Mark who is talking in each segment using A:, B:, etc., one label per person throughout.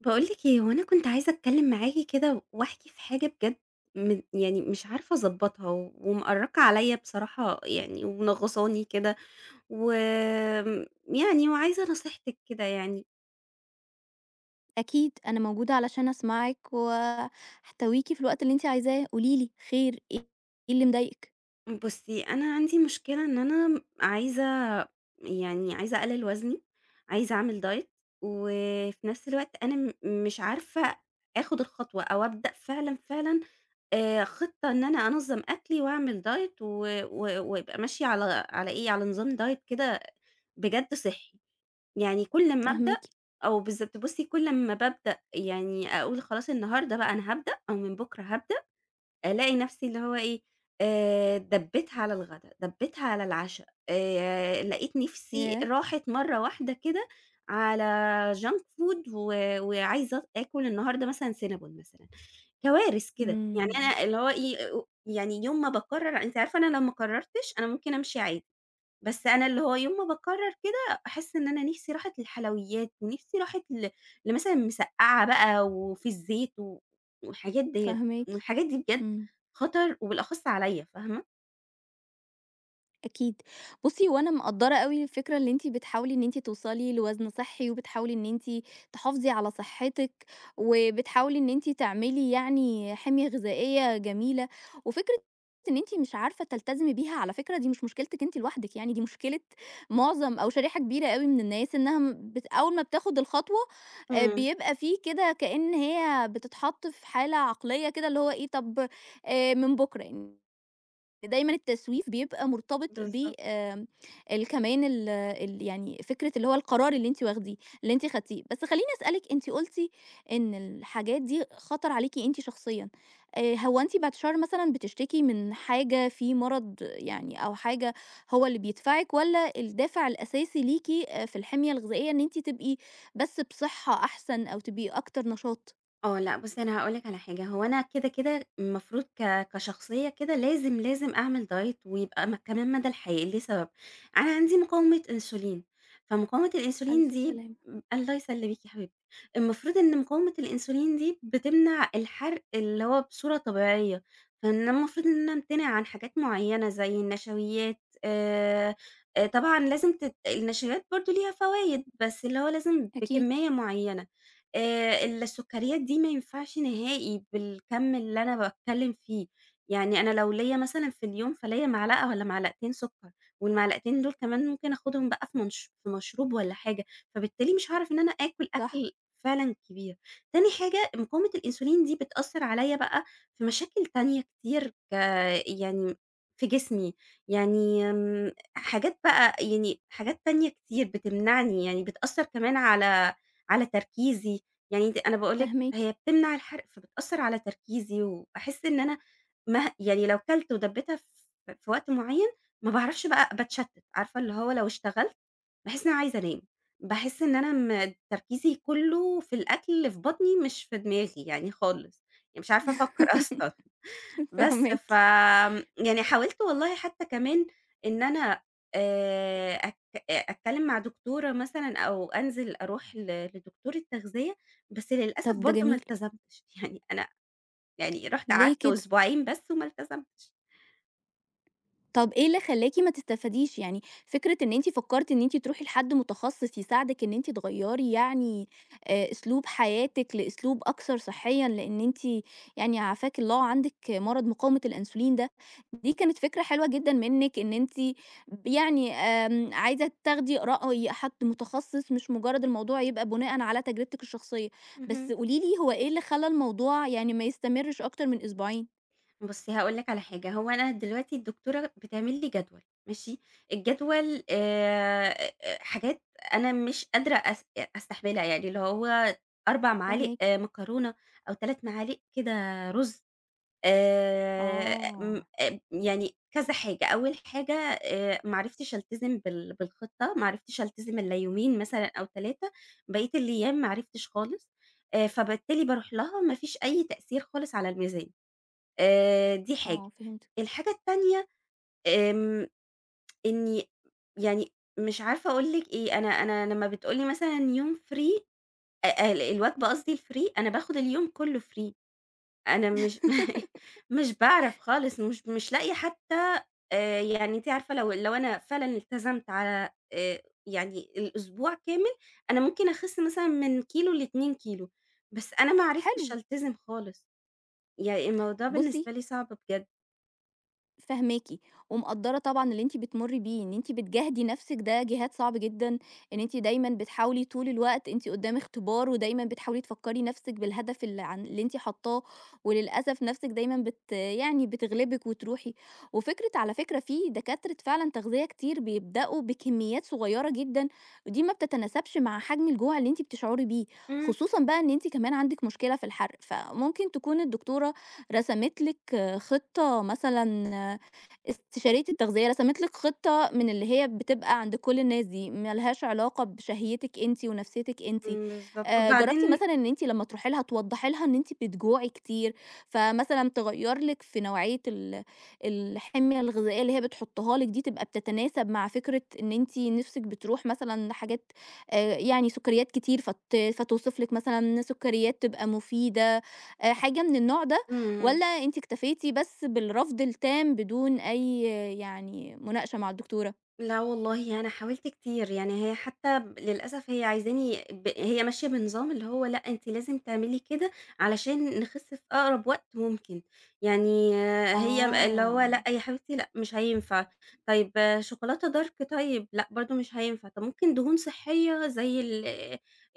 A: باقول لِك إيه هو أنا كنت عايزة أتكلم معاكِ كده واحكي في حاجة بجد مم يعني مش عارفة أضبّطها ومأرّقة عليَّ بصراحة يعني، ومنغّصاني كده وآمم يعني وعايزة نصيحتِك كده يعني.
B: أكيد أنا موجودة علشان أسمعِك وأحتويكِ في الوقت اللي أنتِ عايزاه، قولي لي خير إيه، إيه اللي مضايقِك؟
A: إمم بُصّي أنا عَندي مشكلة إن أنا م عايزة يعني عايزة أقلل وزني، عايزة أعمل diet وفي نَفْس الوقت أنا م مش عارفة أخد الخطوة أو أبدأ فعلًا فعلًا آآ خطة إن أنا أنظّم أكلي، وأعمل diet و و ويبقى ماشية على على إيه على نظام diet كده بجد صِحّي. يعني كل أمّا أبدأ
B: فاهماكِ.
A: آه بالضبط بُصّي كل أمّا بابدأ يعني أقول خلاص النهاردة بقى أنا هابدأ أو من بكرة هابدأ ألاقي نَفْسي اللي هو إيه آآ دَبِّتها على الغدا، دَبِّتها على العشا آآ لقيت نِفْسي
B: ياه!
A: راحت مَرّة واحدة كده على junk food و وعايزة اط آكل النهاردة مثلًا سينابون مثلًا. كوارث
B: إمم
A: كده يعني
B: إمم.
A: أنا اللي هو إي يعني يوم ما باقرر أنتِ عارفة أنا لو ما قررتش أنا ممكن أمشي عادي، بس أنا اللي هو يوم ما باقرر كده باحس إن أنا نِفْسي راحت للحلويات، نِفْسي راحت ل لمثلًا مسقعة بقى وفي الزيت و والحاجات ديّة
B: فاهماكِ
A: والحاجات دي بجد
B: إمم.
A: خطر وبالأخص عليَّ، فاهمة؟
B: أكيد، بُصّي هو أنا مقدّرة أوي الفكرة اللي أنتِ بتحاولي إن أنتِ توصلي لوزن صحّي وبتحاولي إن أنتِ، تحافظي على صحتِّك، وبتحاولي إن أنتِ تعملي يعني حِمية غذائية جميلة، وفكرة إن أنتِ مش عارفة تلتزمي بيها على فكرة دي مش مشكلتِك أنتِ لوحدِك، يعني دي مشكلة معظم أو شريحة كبيرة أوي من الناس، إنّها م بت أوّل ما بتاخد الخطوة، آآ،
A: امم.
B: بيبقى فيه كده كأن هي بتتحط في حالة عقليّة كده اللي هو إيه طَب آآ، من بُكرة، [unintelligible] دايمًا التسويف بيبقى مرتبط ب
A: بالضبط.
B: آمم، ال كمان ال ال يعني فكرة اللي هو القرار اللي أنتِ واخديه اللي أنتِ خدتيه بس خلّيني أسألِك أنتِ قُلتِ، إن الحاجات دي خَطَر عليكِ أنتِ شخصيًا، آآ، هو أنتِ بِعِد الشر مثلًا بتشتكي من حاجة؟ في مرض يعني أو حاجة، هو اللي بيدفعِك والَّا الدافع الأساسي ليكِ آآ، في الحِمية الغذائية إن أنتِ تبقي، بس بصحة أحسن أو تبقي أكتر نشاط؟
A: آه، لأ بُصّي، أنا هاقول لِك على حاجة هو أنا كده، كده، المفروض ك كشخصية كده لازم، لازم أعمل diet ويبقى م كمان مدى الحياة لسبب، أنا عندي مقاومة انسولين، فمقاومة الانسولين
B: ألف
A: دي ب
B: سلامة.
A: الله يسلِّمِك يا حبيبتي، المفروض إن مقاومة الانسولين دي بتمنع الحرق اللي هو بصورة طبيعيّة، [unintelligible] أنا المفروض إن أنا أمتنع عن حاجات معيّنة زي النشويات، آآ آآ، طبعًا لازم تت النشويات برضه ليها فوايد، بس اللي هو لازم
B: أكيد.
A: بكمية معيّنة، آآ، السكريات دي ما ينفعش نهائي بالكَمّ اللي أنا باتكلّم فيه، يعني أنا لو ليّا مثلًا في اليوم فليّا معلقة والَّا معلقتين سكر، والمعلقتين دول كمان ممكن آخدهم بقى في منش في مشروب والَّا حاجة، فبالتالي مش هاعرف إن أنا آكُل
B: صح.
A: أكل فعلًا كبير، تاني حاجة مقاومة الانسولين دي بتأثّر عليَّ بقى في مشاكل تانية كتير ك يعني في جسمي، يعني امم حاجات بقى يعني حاجات تانية كتير بتمنعني يعني بتأثّر كمان على على تركيزي، يعني دي أنا باقول لِك
B: فاهماكِ.
A: هي بتمنع الحرق فبتأثّر على تركيزي وباحِس إن أنا، مه يعني لو كَلت ودبِّتها ف في وقت معيّن، ما باعرفش بقى باتشتِّت، عارفة اللي هو لو اشتغلت، باحِس إن أنا عايزة أنام، باحِس إن أنا م تركيزي كُلّه في الأكل اللي في بَطني، مش في دماغي يعني خالص، يعني مش عارفة أفكّر أصلًا، بس
B: فاهماكِ.
A: ف آمم، يعني حاولت والله حتّى كمان، إن أنا، آآ، أتك أتكلّم مع دكتورة مثلًا، أو أنزل أرُوح ل لدكتورة تغذية، بس للأسف
B: طَب ده
A: برضه ما
B: جميل.
A: التزمتش، يعني أنا يعني رُحت
B: ليه
A: قعدت
B: كده؟
A: أسبوعين بس وما التزمتش.
B: طَب إيه اللي خلّاكِ ما تستفاديش يعني؟ فكرة إن أنتِ فكرتِ إن أنتِ ترُوحي لحد متخصص يساعدِك، إن أنتِ تغيّري يعني آآ أسلوب حياتِك لأسلوب أكثر صحيًا، لإن أنتِ يعني عافاكِ الله عندِك مرض مقاومة الأنسولين ده، دي كانت فكرة حلوة جدًا منِك، إن أنتِ ب يعني آمم عايزة تاخدي رأي حد متخصص، مش مجرد الموضوع يبقى بناءً على تجربتِك الشخصية. بس
A: اهم.
B: قولي لي، هو إيه اللي خلّى الموضوع يعني ما يستمرش أكتر من أسبوعين؟
A: بُصّي، هاقول لِك على حاجة، هو أنا دلوقتي الدكتورة بتعمل لي جدول، ماشي؟ الجدول آآ حاجات أنا مش قادرة أس أستحملها، يعني اللي هو 4 معالق
B: فاهماكِ.
A: مكرونة أو 3 معالق كده رز. آآ م
B: آه.
A: آآ يعني كذا حاجة، أول حاجة آآ ما عرفتش ألتزم بال بالخطة، ما عرِفتش ألتزم إلا يومين مثلًا أو 3، بقية الأيام ما عرِفتش خالص، فبالتالي بارُوح لها ما فيش أي تأثير خالص على الميزان. آآ دي حاجة.
B: آه فهمتِك.
A: الحاجة التانية آمم إني يعني مش عارفة أقول لِك إيه، أنا أنا لمّا بتقول لي مثلًا يوم free، أ الوجبة قصدي free، أنا باخد اليوم كُلّه free. أنا مش، مش باعرَف خالص، مش، مش لاقية حتى يعني أنتِ عارفة لو لو أنا فعلًا التزمت على آآ يعني الأسبوع كامل، أنا ممكن أخس مثلًا من كيلو ل2 كيلو، بس أنا ما عرِفتش
B: حلو.
A: ألتزم خالص. يعني الموضوع
B: بُصّي
A: بالنسبة لي صعب بجد.
B: فاهماكِ ومقدّرة طبعًا اللي أنتِ بتمري بيه إن أنتِ بتجاهدي نفسك، ده جهاد صعب جدًا، إن أنتِ دايمًا بتحاولي طول الوقت أنتِ قدام اختبار ودايمًا بتحاولي تفكري نفسِك بالهدف ال ع اللي أنتِ حاطاه، وللأسف نفسِك دايمًا بت يعني بتغلبِك وتروحي، وفكرة على فكرة في دكاترة فعلًا تغذية كتير بيبدأوا بكميات صغيرة جدًا، ودي ما بتتناسبش مع حجم الجوع اللي أنتِ بتشعري بيه،
A: إمم.
B: خصوصًا بقى إن أنتِ كمان عندِك مشكلة في الحرق، فممكن تكون الدكتورة رسمِت لِك خطة مثلًا استشارية التغذية رسمِت لِك خطة من اللي هي بتبقى عند كل الناس دي ما لهاش علاقة بشهيتِك أنتِ ونفسيتِك أنتِ،
A: إمم بالضبط
B: آآ جربتِ
A: وبعدين
B: مثلًا إن أنتِ لما تروحي لها توضحي لها إن أنتِ بتجوعي كتير، فمثلًا تغيّر لِك في نوعية ال الحمية الغذائية اللي هي بتحطها لِك دي، تبقى بتتناسب مع فكرة إن أنتِ نِفسِك بتروح مثلًا لحاجات آآ يعني سكريات كتير فت فتوصف لِك مثلًا سكريات تبقى مفيدة آآ حاجة من النوع ده؟
A: إمم.
B: والّا أنتِ اكتفيتِ بس بالرفض التام بدون أي يعني مناقشة مع الدكتورة؟
A: لا والله أنا حاولت كتير، يعني هي حتى للأسف هي عايزاني ب هي ماشية بنظام اللي هو لأ أنتِ لازم تعملي كده علشان نخس في أقرب وقت ممكن، يعني هي اللي هو
B: آه.
A: لا يا حبيبتي لأ مش هينفع طيب شوكولاتة dark طيب، لأ برضو مش هينفع، طب ممكن دهون صحية زي ال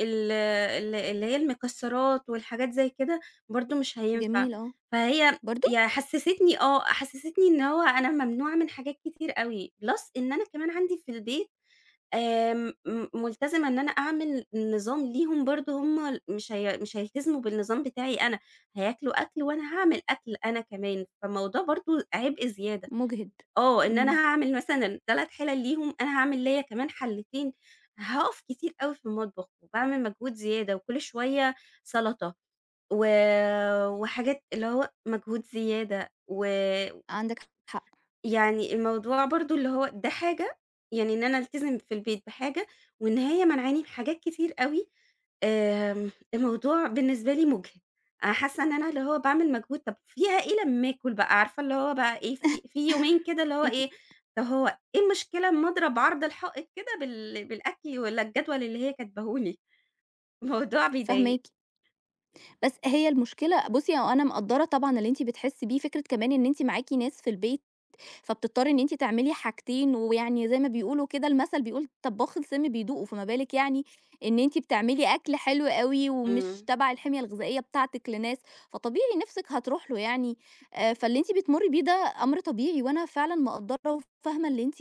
A: ال ال اللي هي المكسرات والحاجات زي كده، برضو مش هينفع
B: جميل آه.
A: فهي
B: برضو؟
A: ي حسستني آه حسستني إن هو أنا ممنوعة من حاجات كتير أوي Plus إن أنا كمان عندي في البيت آآ م ملتزمة إن أنا أعمل نظام ليهم برضو هُم مش هي مش هيلتزموا بالنظام بتاعي أنا، هياكلوا أكل وأنا هاعمل أكل أنا كمان، فالموضوع برضو عبء زيادة،
B: مُجهِد
A: آه إن أنا
B: إمم.
A: هاعمل مثلًا 3 حلل ليهم، أنا هاعمل ليّا كمان حلتين، هاقف كتير أوي في المطبخ وباعمل مجهود زيادة وكل شوية سلطة و وحاجات اللي هو مجهود زيادة و
B: عندِك حق.
A: يعني الموضوع برضو اللي هو ده حاجة، يعني إن أنا ألتزم في البيت بحاجة، وإن هي مانعاني من حاجات كتير أوي، آآ، الموضوع بالنسبة لي مُجهِد حاسة إن أنا اللي هو باعمل مجهود طب فيها إيه لما آكل بقى! عارفة اللي هو بقى إيه في في يومين كده اللي هو إيه، طب هو إيه المشكلة أما أضرب عرض الحائط كده بال بالأكل والّا الجدول اللي هي كاتباه لي؟ الموضوع بيضايق.
B: فاهماكِ. بس هي المشكلة بُصي، أنا مقدرّة طبعًا اللي أنتِ بتحسي بيه فكرة كمان إن أنتِ معاكِ ناس في البيت فبتضطري إن أنتِ تعملي حاجتين، ويعني زي ما بيقولوا كده المثل بيقول طباخ السم بيدوقه، فما بالِك يعني إن أنتِ بتعملي أكل حلو أوي ومش
A: إمم.
B: تبع الحمية الغذائية بتاعتِك لناس، فطبيعي نِفسِك هتروح له يعني آآ فاللي أنتِ بتمرّي بيه ده أمر طبيعي وأنا فعلًا مقدرّة وفاهمة اللي أنتِ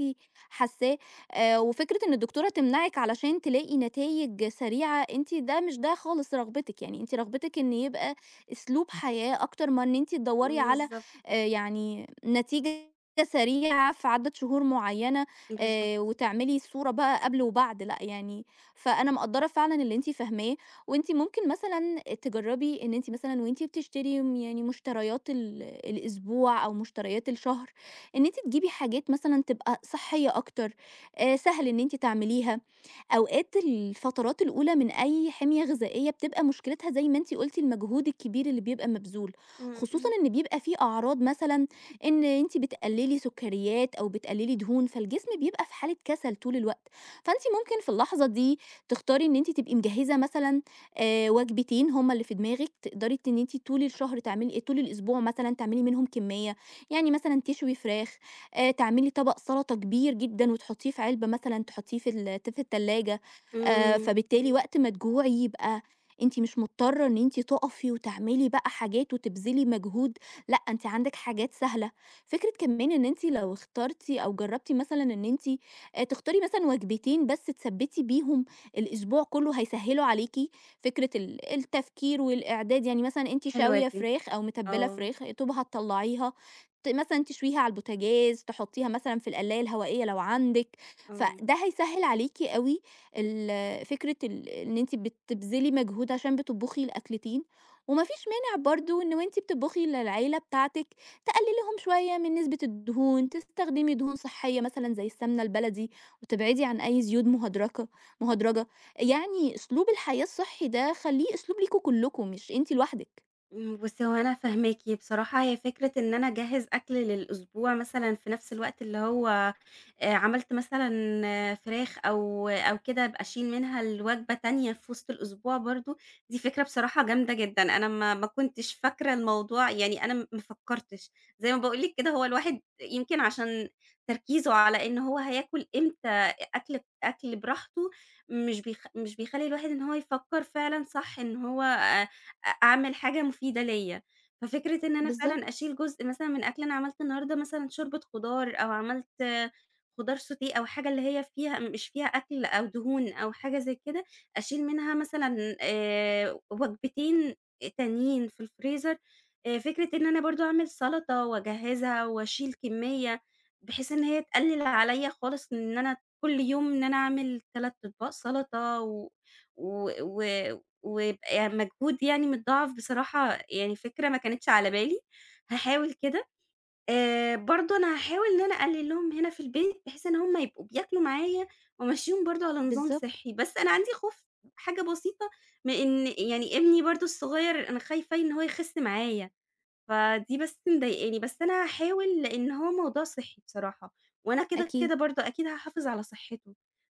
B: حاساه، آآ وفكرة إن الدكتورة تمنعِك علشان تلاقي نتايج سريعة أنتِ ده مش ده خالص رغبتِك، يعني أنتِ رغبتِك إن يبقى أسلوب حياة أكتر ما إن أنتِ تدوري على
A: بالضبط.
B: آآ يعني نتيجة سريعة في عدد شهور معينة
A: بالضبط.
B: آآ وتعملي الصورة بقى قبل وبعد، لأ يعني فأنا مقدرّة فعلًا اللي أنتِ فاهماه وأنتِ ممكن مثلًا تجربي إن أنتِ مثلًا وأنتِ بتشتري امم يعني مشتريات ال الأسبوع أو مشتريات الشهر، إن أنتِ تجيبي حاجات مثلًا تبقى صحية أكتر آآ سهل إن أنتِ تعمليها، أوقات الفترات الأولى من أي حمية غذائية بتبقى مشكلتها زي ما أنتِ قُلتِ المجهود الكبير اللي بيبقى مبذول،
A: إمم
B: خصوصًا
A: إمم.
B: إن بيبقى فيه أعراض مثلًا إن أنتِ بتقللي سكريات أو بتقللي دهون، فالجسم بيبقى في حالة كسل طول الوقت، فأنتِ ممكن في اللحظة دي تختاري إن أنتِ تبقي مجهزة مثلًا آآ وجبتين هُم اللي في دماغِك تقدري ت إن أنتِ طول الشهر تعملي آآ طول الأسبوع مثلًا تعملي منهم كمية، يعني مثلًا تشوي فراخ، آآ تعملي طبق سلطة كبير جدًا وتحطيه في علبة مثلًا تحطيه في ال ت في التلاجة، آآ
A: إمم.
B: فبالتالي وقت ما تجوعي يبقى أنتِ مش مضطرة إن أنتِ تقفي وتعملي بقى حاجات وتبذلي مجهود، لأ أنتِ عندِك حاجات سهلة فكرة كمان إن أنتِ لو اخترتِ أو جربتِ مثلًا إن أنتِ آآ تختاري مثلًا وجبتين بس تثبِّتي بيهم الأسبوع كله هيسهلوا عليكِ، فكرة ال التفكير والإعداد يعني مثلًا أنتِ
A: حلوة
B: شاوية
A: دي
B: فراخ أو متبلة
A: آه.
B: فراخ، يا دوب هتطلعيها، ت مثلًا تشويها على البوتاجاز، تحطيها مثلًا في القلاية الهوائية لو عندِك،
A: آه.
B: فده هيسهل عليكِ أوي ال فكرة ال إن أنتِ بتبذلي مجهود عشان بتطبخي الأكلتين، ومفيش مانع برضو إن وأنتِ بتطبخي للعيلة بتاعتِك تقللي لهم شوية من نسبة الدهون، تستخدمي دهون صحية مثلًا زي السمنة البلدي، وتبعدي عن أي زيوت مهدرجة مهدرجة يعني أسلوب الحياة الصحي ده خليه أسلوب ليكم كلكم، مش أنتِ لوحدِك.
A: امم، بُصّي هو أنا فاهماكِ بصراحة، هي فكرة إن أنا أجهّز أكل للأسبوع مثلًا في نفس الوقت، اللي هو آآ عملت مثلًا فراخ أو أو كده أبقى أشيل منها لوجبة تانية في وِسط الأسبوع، برضه دي فكرة بصراحة جامدة جدًا، أنا ما ما كنتش فاكرة الموضوع يعني أنا م ما فكرتش، زي ما باقول لِك كده، هو الواحد يمكن عشان تركيزه على إن هو هياكل إمتى أ أكل أكل براحته، مش بيخ مش بيخلّي الواحد إن هو يفكّر فعلًا صح، إن هو آآ أ أعمل حاجة مفيدة ليّا، ففكرة إن أنا فعلًا
B: بالضبط.
A: أشيل جزء مثلًا من أكل، أنا عملت النهارده مثلًا شوربة خضار، أو عملت خضار sauté أو حاجة اللي هي فيها مش فيها أكل، أو دهون، أو حاجة زي كده، أشيل منها مثلًا آآ وجبتين تانيين في الfreezer آآ فكرة إن أنا برضه أعمل سَلطة، وأجهزها، وأشيل كمّية، بحيث إن هي تقلل عليّا خالص، إن أنا كل يوم إن أنا أعمل 3 أطباق سلطة، و و و ويبقى يعني مجهود يعني متضاعف، بصراحة يعني فكرة ما كانتش على بالي هاحاول كده آآ برضه أنا هاحاول إن أنا أقلل لهم هنا في البيت، بحيث إن هُم يبقوا بياكلوا معايا، وأمشّيهم برضه على نظام
B: بالضبط.
A: صحّي، بس أنا عندي خوف حاجة بسيطة، من إن يعني ابني برضه الصغيّر، أنا خايفة ي إن هو يخِس معايا، فدي بس مضايقاني بس أنا هاحاول لإن هو موضوع صحّي بصراحة، وأنا كده،
B: أكيد.
A: كده برضه أكيد هاحافظ على صحته،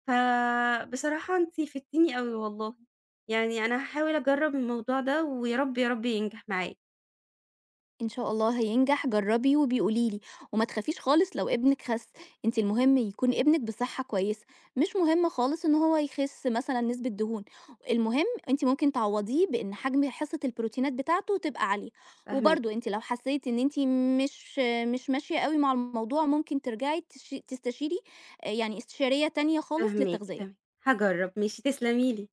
A: فبصراحة أنتِ فِدتيني أوي والله، يعني أنا هاحاول أجرّب الموضوع ده ويا رب، يا رب ينجح معايا.
B: إن شاء الله هينجح، جرّبي وابقي قولي لي، وما تخافيش خالص لو ابنِك خَس، أنتِ المهم يكون ابنِك بصحّة كويسة، مش مهم خالص إن هو يخِس مثلًا نسبة دهون، المهم أنتِ ممكن تعوّضيه بإن حجم حصّة البروتينات بتاعته تبقى عالية،
A: فاهماكِ.
B: وبرضه أنتِ لو حسّيتِ إن أنتِ مش مش ماشية أوي مع الموضوع، ممكن ترجعي تش تستشيري آآ يعني استشارية تانية خالص
A: فاهماكِ،
B: للتغذية.
A: تم هاجرّب، ماشي، تسلمي لي.